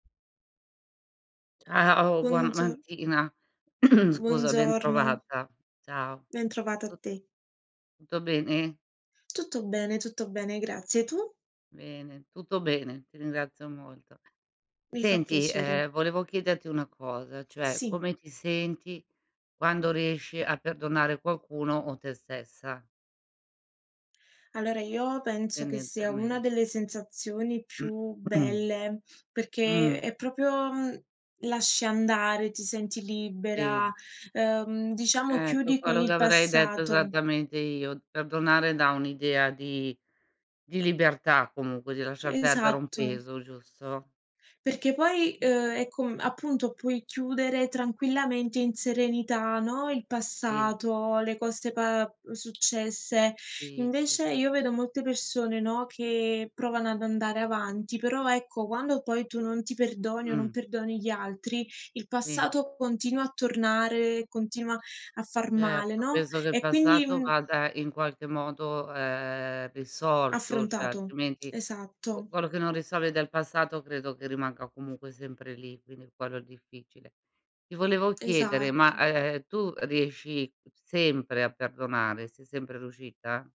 Ciao, buon Buongio mattina. Scusa, Buongiorno. bentrovata. Ciao. Bentrovata a Tu te. tutto bene? Tutto bene, tutto bene, grazie. Tu? Bene, tutto bene, ti ringrazio molto. Mi fa Senti, piacere. ehm volevo chiederti una cosa, cioè Sì. come ti senti quando riesci a perdonare qualcuno o te stessa? Allora io penso che sia una Tendenzialme delle sensazioni più belle, perché Mh. è proprio mhmm, lasci andare, ti senti libera, Sì. uhm, diciamo Eh, qu chiudi con quello che il avrei detto passato. esattamente io. Perdonare dà un'idea di di libertà comunque, di lasciar perdere un Esatto. peso, giusto? Perché poi, uhm, è com appunto puoi chiudere tranquillamente in serenità, no, il Sì. passato, le cose pa uhm, successe. Sì, sì, Invece s io vedo molte persone, no, che provano ad andare avanti, però ecco quando poi tu non ti perdoni o non Mh. perdoni gli altri, il Sì. passato continua a tornare, continua a far male, Certo, no, peso del e quindi, passato mhmm vada in qualche modo, ehm, risolto, cioè Affrontato. altrimenti qu Esatto. quello che non risolvi del passato, credo che rimanga comunque sempre lì, quindi quello è il difficile. Ti volevo chiedere, ma, Esatto. ehm, tu riesci sempre a perdonare? Sei sempre riuscita?